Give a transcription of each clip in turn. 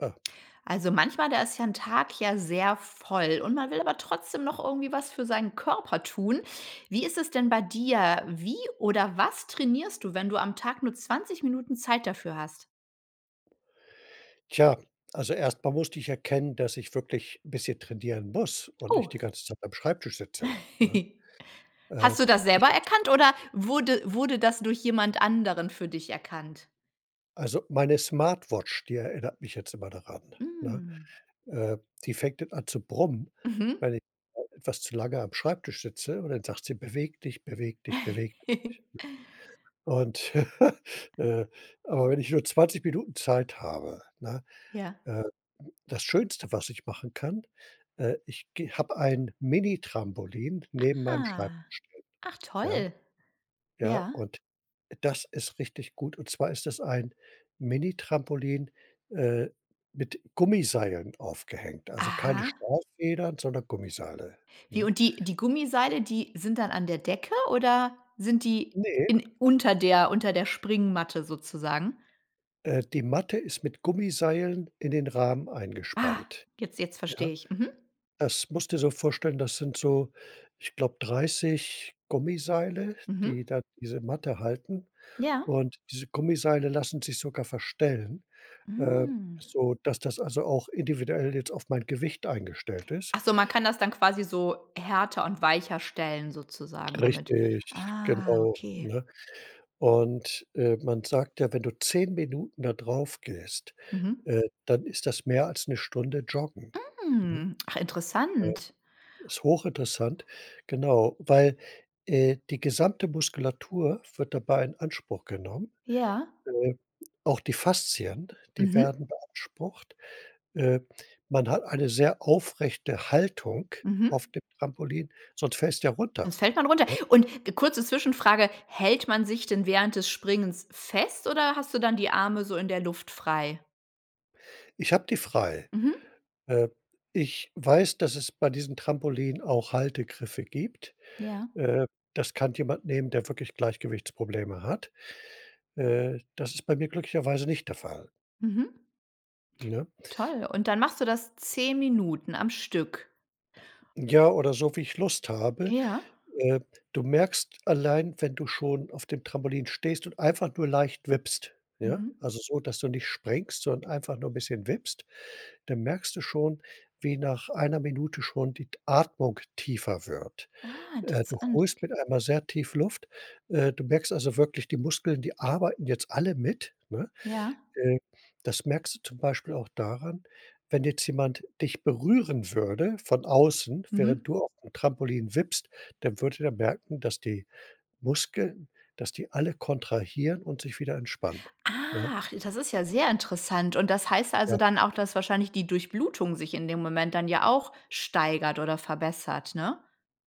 Äh. Also manchmal, da ist ja 'n Tag ja sehr voll und man will aber trotzdem noch irgendwie was für seinen Körper tun. Wie ist es denn bei dir? Wie oder was trainierst du, wenn du am Tag nur 20 Minuten Zeit dafür hast? Tja, also erst mal musste ich erkennen, dass ich wirklich bisschen trainieren muss und Oh! nicht die ganze Zeit beim Schreibtisch sitze, ne? Äh, Hast du das ich selber habe zum erkannt oder wurde wurde das durch jemand anderen für dich erkannt? Also, meine Smartwatch, die erinnert mich jetzt immer daran, ne? Mhm. Äh, die fängt dann an zu brummen, Mhm. weil ich etwas zu lange am Schreibtisch sitze und dann sagt sie: „Beweg dich, beweg dich, beweg dich", ne? Und äh, aber wenn ich nur 20 Minuten Zeit habe, ne? Ja. Äh, n das Schönste, was ich machen kann, äh, ich gehe habe ein Mini-Trampolin neben meinem Schreibtisch Ah, stehen, ach ja? toll! Ja, Ja? und das ist richtig gut. Und zwar ist das ein Mini-Trampolin, äh, mit Gummiseilen aufgehängt. Also keine Aha. Schraubenfedern, sondern Gummiseile, Wie ne? und die die Gummiseile, die sind dann an der Decke oder sind die Ne. in unter der unter der Springmatte sozusagen? Äh, die Matte ist mit Gummiseilen in den Rahmen Ah! eingespannt, Jetzt jetzt ja? verstehe ich. Mhm. Das musste dir so vorstellen, das sind so, ich glaube, 30 Gummiseile, Mhm. die da diese Matte halten. Ja. Und diese Gummiseile lassen sich sogar verstellen, äh, Hm. sodass das also auch individuell jetzt auf mein Gewicht eingestellt ist Ach so, man kann das dann quasi so härter und weicher stellen sozusagen damit. Richtig Ah, genau, okay. ne? Und, äh, man sagt ja, wenn du 10 Minuten da drauf gehst, Mhm. äh, dann ist das mehr als 'ne Stunde joggen, ne? Hm, ach Ja. interessant! Ist hochinteressant, genau, weil, äh, die gesamte Muskulatur wird dabei in Anspruch genommen. Ja. Äh, auch die Faszien, die Mhm. werden beansprucht. Äh, man hat eine sehr aufrechte Haltung Mhm. auf dem Trampolin, sonst fällst du ja runter, Sonst fällt man runter. ne? Und ge kurze Zwischenfrage: Hält man sich denn während des Springens fest oder hast du dann die Arme so in der Luft frei? Ich habe die frei. Mhm. Äh, ich weiß, dass es bei diesen Trampolinen auch Haltegriffe gibt. Ja. Äh, das kann jemand nehmen, der wirklich Gleichgewichtsprobleme hat. Äh, das ist bei mir glücklicherweise nicht der Fall. Mhm. Ne? Toll und dann machst du das 10 Minuten am Stück. Ja, oder so, wie ich Lust habe. Ja. Äh, du merkst allein, wenn du schon auf dem Trampolin stehst und einfach nur leicht wippst, ja. Mhm. Also so, dass du nicht springst, sondern einfach nur bisschen wippst, dann merkst du schon, wie nach einer Minute schon die t Atmung tiefer wird. Ah, Äh, du interessant, holst ok. mit einmal sehr tief Luft. Äh, du merkst also wirklich, die Muskeln, die arbeiten jetzt alle mit, ne? Ja. Äh, das merkst du zum Beispiel auch daran, wenn jetzt jemand dich berühren würde von außen, während Mhm. du aufm Trampolin wippst, dann würde der merken, dass die Muskeln dass die alle kontrahieren und sich wieder entspannen, ne? Ach, das ist ja sehr interessant und das heißt also Ja. dann auch, dass wahrscheinlich die Durchblutung sich in dem Moment dann ja auch steigert oder verbessert, ne?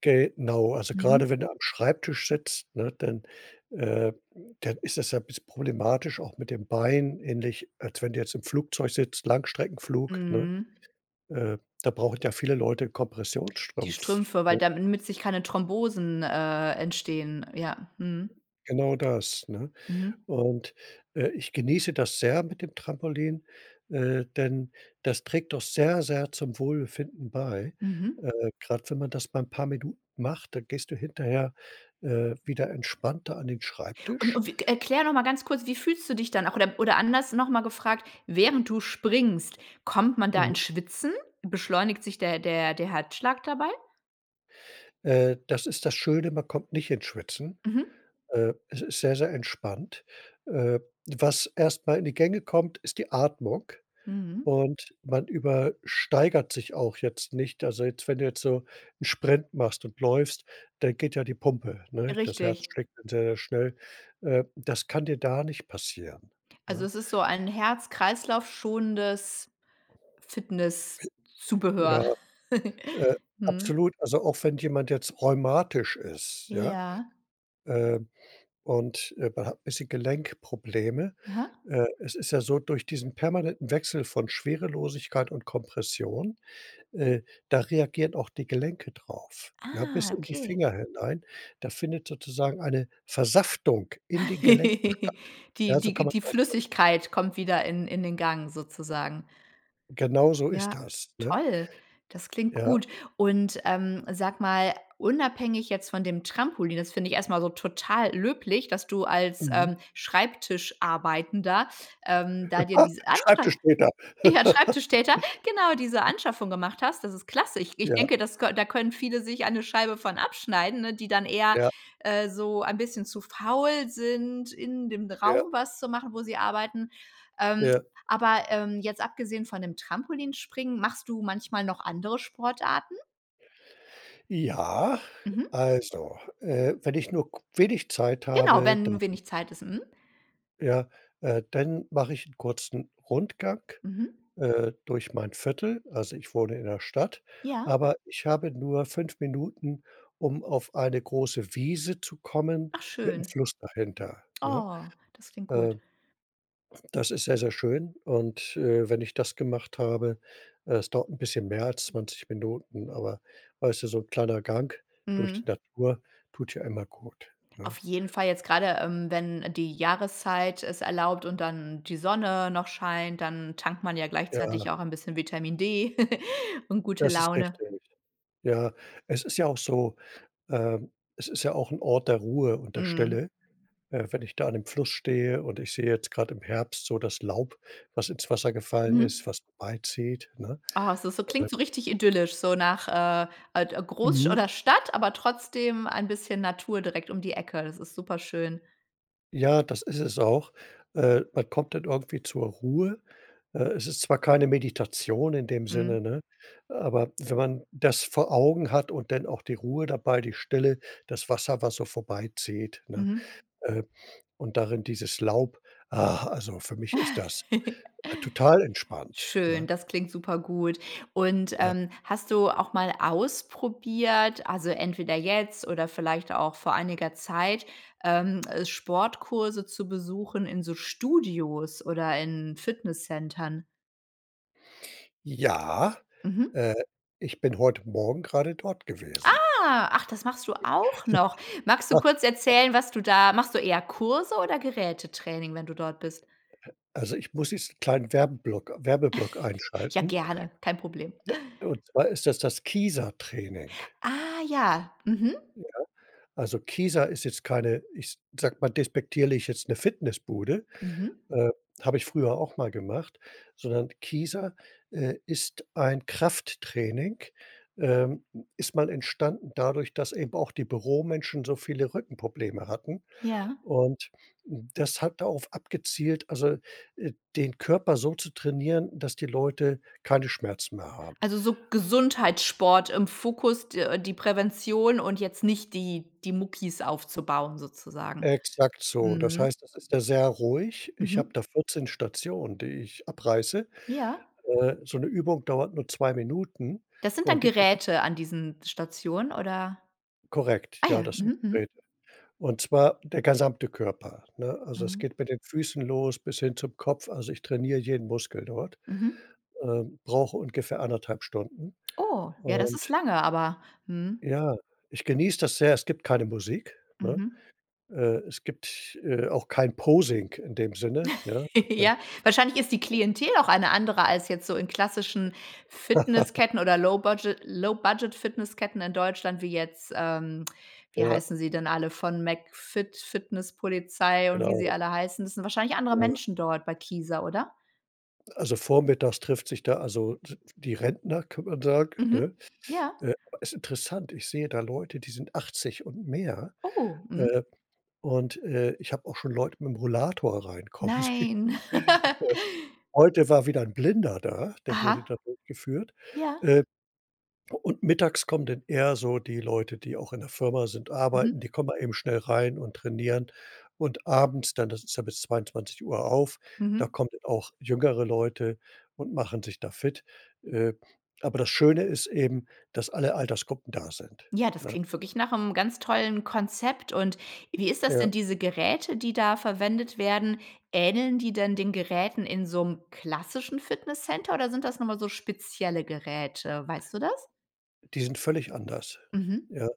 Genau. Also Mhm. grade wenn du am Schreibtisch sitzt, ne, dann äh, dann ist das ja 'n bisschen problematisch auch mit den Beinen, ähnlich als wenn du jetzt im Flugzeug sitzt, Langstreckenflug, ne? Mhm. Äh, da brauchen ja viele Leute 'n Die Kompressionsstrumpf, Strümpfe, weil ne? damit sich keine Thrombosen äh, entstehen, ja. Mhm. Genau das, ne? Mhm. Und, äh, ich genieße das sehr mit dem Trampolin, äh, denn das trägt doch sehr, sehr zum Wohlbefinden bei. Mhm. Äh, grad wenn man das mal 'n paar Minuten macht, dann gehst du hinterher, äh, wieder entspannter an den Und Schreibtisch und wi erkläre noch mal ganz kurz, wie fühlst du dich dann auch oder oder anders, noch mal gefragt: Während du springst, kommt man da ins Mhm. Schwitzen? Beschleunigt sich der der der Herzschlag dabei? Äh, das ist das Schöne, man kommt nicht ins Schwitzen. Mhm. Äh, es ist sehr, sehr entspannt. Äh, was erst mal in die Gänge kommt, ist die Atmung. Mhm. Und man übersteigert sich auch jetzt nicht. Also jetzt wenn du jetzt so 'n Sprint machst und läufst, dann geht ja die Pumpe, ne? Das Herz Richtig. schlägt dann sehr schnell. Äh, das kann dir da nicht passieren, Also, ne? es ist so ein Herz-Kreislauf schonendes Ja. Fitnesszubehör, Äh, mhm. absolut. Also, auch wenn jemand jetzt rheumatisch ist, ja, Ja. äh, und, äh, man hat 'n bisschen Gelenkprobleme, Aha. äh es ist ja so, durch diesen permanenten Wechsel von Schwerelosigkeit und Kompression, äh, da reagieren auch die Gelenke drauf, ja, bis Ah, in die okay. Finger hinein. Da findet sozusagen eine Versaftung in den Gelenken statt. Die Ja, so die kann die man's ausdrücken. Flüssigkeit kommt wieder in in den Gang sozusagen. Genauso ist Ja das, ne? toll. Das klingt Ja. gut und, ähm, sag mal unabhängig jetzt von dem Trampolin, das finde ich erst mal so total löblich, dass du als, Mhm. ähm, Schreibtischarbeitender, ähm, da dir diese Anscha Schreibtischtäter. ja Schreibtischtäter genau, diese Anschaffung gemacht hast. Das ist klasse. Ich ich Ja. denke das kö da können viele sich eine Scheibe von abschneiden, ne, die dann eher, Ja. äh, so ein bisschen zu faul sind in dem Ja. Raum was zu machen wo sie arbeiten. Ähm, Ja. aber ähm, jetzt abgesehen von dem Trampolinspringen machst du manchmal noch andere Sportarten? Ja, Mhm. also, äh, wenn ich nur ku wenig Zeit Genau, habe, da wenn wenig Zeit ist, mhm. ja, äh, dann mache ich 'n kurzen Rundgang, Mhm. äh, durch mein Viertel. Also, ich wohne in 'ner Stadt, Ja. aber ich habe nur 5 Minuten, um auf eine große Wiese zu kommen Ach, mit 'nem schön. Fluss dahinter, ne? Oh, das klingt Äh. gut. Das ist sehr sehr schön. Und, äh, wenn ich das gemacht habe äh, es dauert 'n bisschen mehr als 20 Minuten. Aber, weißt du, so 'n kleiner Gang durch die Mhm. Natur tut ja immer gut, ne? Auf jeden Fall jetzt grade, ähm, wenn die Jahreszeit es erlaubt und dann die Sonne noch scheint, dann tankt man ja Ja. gleichzeitig auch ein bisschen Vitamin D und gute Das ist Laune. richtig. Ja, es ist ja auch so, ähm es ist ja auch 'n Ort der Ruhe und der Mhm. Stille. Äh, wenn ich da an dem Fluss stehe und ich sehe, jetzt grad im Herbst so, das Laub, was ins Wasser gefallen Mhm. ist, was vorbeizieht, ne? Oh, es ist so Äh klingt so richtig idyllisch, so nach, äh, ad Großsch Mhm. oder Stadt, aber trotzdem ein bisschen Natur direkt um die Ecke. Das ist super schön. Ja, das ist es auch. Äh, man kommt dann irgendwie zur Ruhe. Äh, es ist zwar keine Meditation in dem Mhm. Sinne, ne, aber wenn man das vor Augen hat und dann auch die Ruhe dabei, die Stille, das Wasser, was so vorbeizieht, ne? Mhm. Äh, und darin dieses Laub, ah, also für mich ist das, äh, total entspannt, Schön, ne? das klingt supergut. Und, Ja. ähm, hast du auch mal ausprobiert, also entweder jetzt oder vielleicht auch vor einiger Zeit, ähm, Sportkurse zu besuchen in so Studios oder in Fitnesscentern? Ja. Mhm. Äh, ich bin heute Morgen grade dort gewesen. Ah, ach, das machst du auch noch. Magst du kurz erzählen, was du da machst du eher Kurse oder Gerätetraining, wenn du dort bist? Also ich muss jetzt 'n kleinen Werbeblock Werbeblock Ja, einschalten. gerne, kein Problem. Und zwar ist dass das Kieser-Training. Ah ja, mhm. Ja, also Kieser ist jetzt keine, ich sage mal, despektierlich jetzt, 'ne Fitnessbude. Mhm. Äh, habe ich früher auch mal gemacht. Sondern Kieser, äh, ist ein Krafttraining, ähm, ist mal entstanden dadurch, dass eben auch die Büromenschen so viele Rückenprobleme hatten. Ja. Und das hat darauf abgezielt, also, äh, den Körper so zu trainieren, dass die Leute keine Schmerzen mehr haben. Also, so Gesundheitssport im Fokus, d die Prävention und jetzt nicht die die Muckis aufzubauen sozusagen. Exakt so. Das Mhm. heißt, das ist ja sehr ruhig. Ich habe Mhm. da 14 Stationen, die ich abreiße. Ja. Äh, so 'ne Übung dauert nur 2 Minuten Das sind dann und die geht Geräte an diesen Stationen oder? Korrekt, Ah ja, ja, das sind mhm, mhm. Geräte. Und zwar der gesamte Körper, ne? Also es Mhm. geht mit den Füßen los bis hin zum Kopf. Also ich trainiere jeden Muskel dort, Mhm. ähm, brauche ungefähr 1,5 Stunden. Oh, ja das ist Und lange aber, mhm. ja, ich genieße das sehr, es gibt keine Musik, ne? Mhm. Äh, es gibt, äh, auch kein Posing in dem Sinne, ja, äh. Ja, wahrscheinlich ist die Klientel auch eine andere als jetzt so in klassischen Fitnessketten oder Low-Budget Low-Budget Fitnessketten in Deutschland, wie jetzt, ähm, wie Ja. heißen sie denn alle von McFit, Fitnesspolizei und wie sie Genau. alle heißen? Das sind wahrscheinlich andere Ja. Menschen dort bei Kieser, oder? Also vormittags trifft sich da also d die Rentner, kann man sagen, Mhm, ne? ja. Äh, ist interessant. Ich sehe da Leute, die sind 80 und mehr. Oh, mhm. Äh, und, äh, ich habe auch schon Leute mit 'nem Rollator reinkommen sehen. Nein. Heute war wieder 'n Blinder da, der wurde Aha, da durchgeführt, ja. äh. Und mittags kommen dann eher so die Leute, die auch in der Firma sind arbeiten, Mhm. die kommen mal eben schnell rein und trainieren. Und abends dann, das ist ja bis 22:00 auf, da Mhm. kommen auch jüngere Leute und machen sich da fit. Äh, aber das Schöne ist eben, dass alle Altersgruppen da sind, Ja das ne? klingt wirklich nach 'nem ganz tollen Konzept. Und wie ist das, Ja. sind diese Geräte die da verwendet werden, ähneln die denn den Geräten in so 'nem klassischen Fitnesscenter oder sind das noch mal so spezielle Geräte? Weißt du das? Die sind völlig anders, Mhm. ja.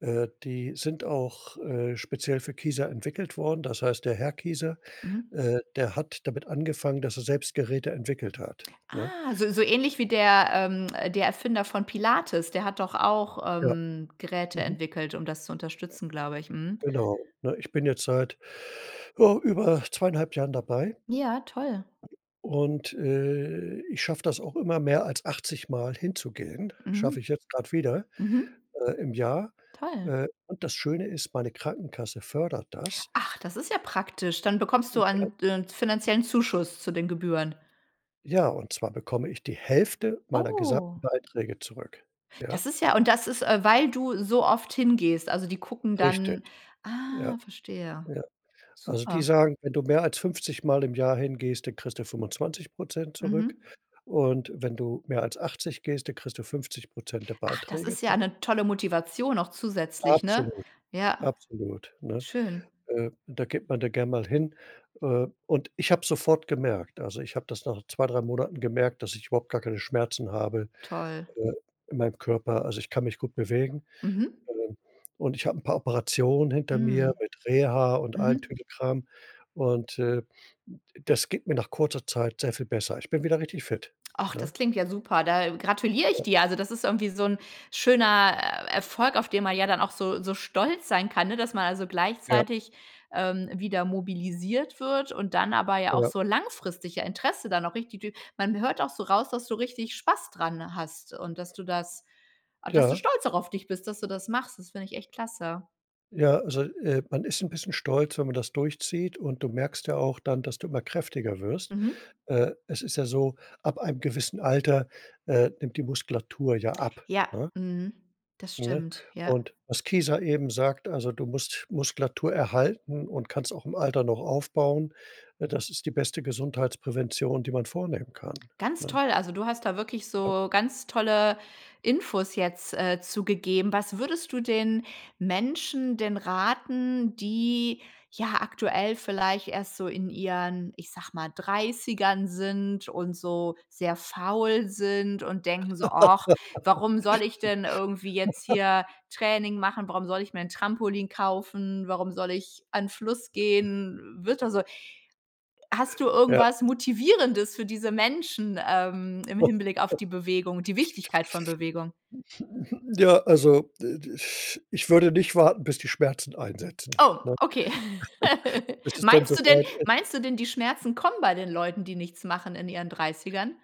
Äh, die sind auch, äh, speziell für Kieser entwickelt worden. Das heißt, der Herr Kieser, Mhm. äh, der hat damit angefangen, dass er selbst Geräte entwickelt hat, ne? Ah so so ähnlich wie der ähm, äh, der Erfinder von Pilates. Der hat doch auch, Ja, ähm, Geräte mhm. entwickelt um das zu unterstützen glaube ich. Mhm. Genau, ne? Ich bin jetzt seit, ja, über 2,5 Jahren dabei. Ja, toll. Und, äh, ich schaffe das auch immer, mehr als achtzigmal hinzugehen. Schaffe Mhm. ich jetzt grad wieder, Mhm. äh im Jahr. Toll. Äh, und das Schöne ist, meine Krankenkasse fördert das. Ach, das ist ja praktisch. Dann bekommst du Mhm, ja. ein ein d 'n finanziellen Zuschuss zu den Gebühren. Ja, und zwar bekomme ich die Hälfte meiner gesamten Oh. Beiträge zurück, ja? Das ist ja und das ist, äh, weil du so oft hingehst? Also die gucken Richtig. dann Ja, ah, verstehe. ja. Also die Super. sagen: „Wenn du mehr als fünfzigmal im Jahr hingehst, dann kriegst du 25 % zurück. Mhm. Und wenn du mehr als 80 gehst, dann kriegst du 50 % der Ach das Beiträge ist ja zurück. 'ne tolle Motivation auch zusätzlich ne? Absolut. Ja Absolut, ne? schön. Äh, da geht man da gern mal hin. Äh, und ich habe sofort gemerkt also ich habe das nach 2, 3 Monaten gemerkt, dass ich überhaupt gar keine Schmerzen habe, Toll. äh, in meinem Körper. Also ich kann mich gut bewegen. Mhm. Ähm, und ich habe 'n paar Operationen hinter mir Mhm. mit Reha und allem Mhm. Tüddelkram. Und, äh, n das geht mir nach kurzer Zeit sehr viel besser. Ich bin wieder richtig fit, Och, das ne? klingt ja super. Da gratuliere ich Ja. dir. Also das ist irgendwie so 'n schöner, äh, Erfolg auf den man ja dann auch so so stolz sein kann, ne? Dass man also Ja. gleichzeitig, ähm, wieder mobilisiert wird und dann aber ja auch Ja. so langfristig ja Interesse dann auch richtig durch man hört auch so raus, dass du richtig Spaß dran hast und dass du das a dass du Ja. stolz auch auf dich bist dass du das machst. Das finde ich echt klasse. Ja, also, äh, man ist 'n bisschen stolz, wenn man das durchzieht und du merkst ja auch dann, dass du immer kräftiger wirst. Mhm. Äh, es ist ja so, ab einem gewissen Alter, äh, nimmt die Muskulatur ja ab, Ja, ne? mhm, das Ne, stimmt, ja. und was Kieser eben sagt, also: „Du musst Muskulatur erhalten und kannst auch im Alter noch aufbauen“, ne? Das ist die beste Gesundheitsprävention, die man vornehmen kann, Ganz ne? toll. Also du hast da wirklich Ja. so ganz tolle Infos jetzt, äh, zu gegeben. Was würdest du den Menschen denn raten, die, ja, aktuell vielleicht erst so in ihren, ich sage mal, 30ern sind und so sehr faul sind und denken so: „Och, warum soll ich denn irgendwie jetzt hier Training machen? Warum soll ich mir 'n Trampolin kaufen? Warum soll ich an Fluss gehen?“ Wird da so hast du Ja. irgendwas Motivierendes für diese Menschen, ähm, im Hinblick auf die Bewegung und die Wichtigkeit von Bewegung? Ja, also d ich ich würde nicht warten, bis die Schmerzen einsetzen, Oh, ne? okay. Bis es denn so Meinst du denn weit ist. meinst du denn die Schmerzen kommen bei den Leuten, die nichts machen in ihren 30ern?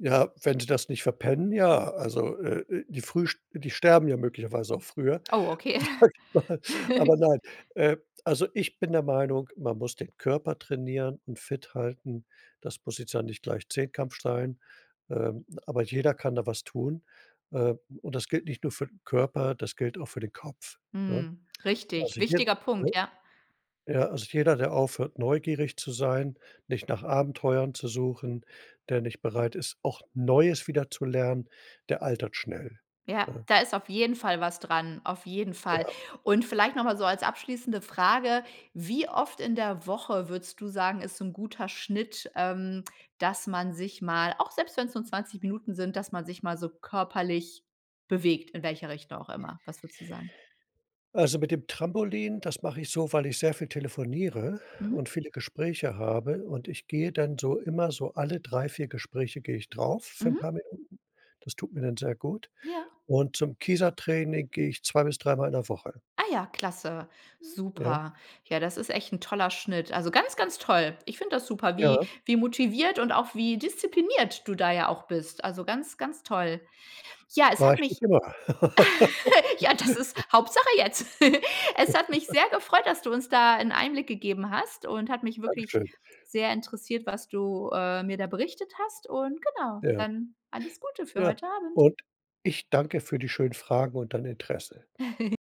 Ja, wenn Sie das nicht verpennen, ja. Also, äh, äh, die früh sch die sterben ja möglicherweise auch früher, Oh, okay. sage ich mal. Aber nein, äh, also ich bin der Meinung, man muss den Körper trainieren und fit halten. Das muss jetzt ja nicht gleich Zehnkampf sch sein. Ähm, aber jeder kann da was tun. Ähm, und das gilt nicht nur für 'n Körper, das gilt auch für den Kopf, ne? Mhm. Richtig, Also hier wichtiger ne? Punkt, ja. Ja, also jeder, der aufhört, neugierig zu sein, nicht nach Abenteuern zu suchen, der nicht bereit ist, auch Neues wieder zu lernen, der altert schnell, Ja ne? da ist auf jeden Fall was dranm auf jeden Fall. Ja. Und vielleicht noch mal so als abschließende Frage: Wie oft in der Woche würdest du sagen ist so 'n guter Schnitt, ähm, dass man sich mal auch selbst wenn's nur 20 Minuten sind dass man sich mal so körperlich bewegt in welcher Richtung auch immer? Was würdest du sagen? Also mit dem Trampolin, das mache ich so, weil ich sehr viel telefoniere Mhm. und viele Gespräche habe. Und ich gehe dann so immer so alle 3, 4 Gespräche gehe ich drauf für 'n paar Mhm. Minuten. Das tut mir dann sehr gut. Ja. Und zum Kieser-Training gehe ich zwei bis dreimal in der Woche. Ja. Ah, ja klasse. Ja. Super. Ja das ist echt 'n toller Schnitt. Also ganz ganz toll. Ich finde das super, wie Ja. wie motiviert und auch wie diszipliniert du da ja auch bist. Also ganz ganz toll. Ja es War hat ich mich nicht immer. Ja, das ist Hauptsache jetzt. Es hat mich sehr gefreut, dass du uns da 'n Einblick gegeben hast und hat mich wirklich Dankeschön. sehr interessiert was du, äh, mir da berichtet hast und, genau. Ja. Dann alles Gute für Ja. heute Abend. Und ich danke für die schönen Fragen und dein Interesse.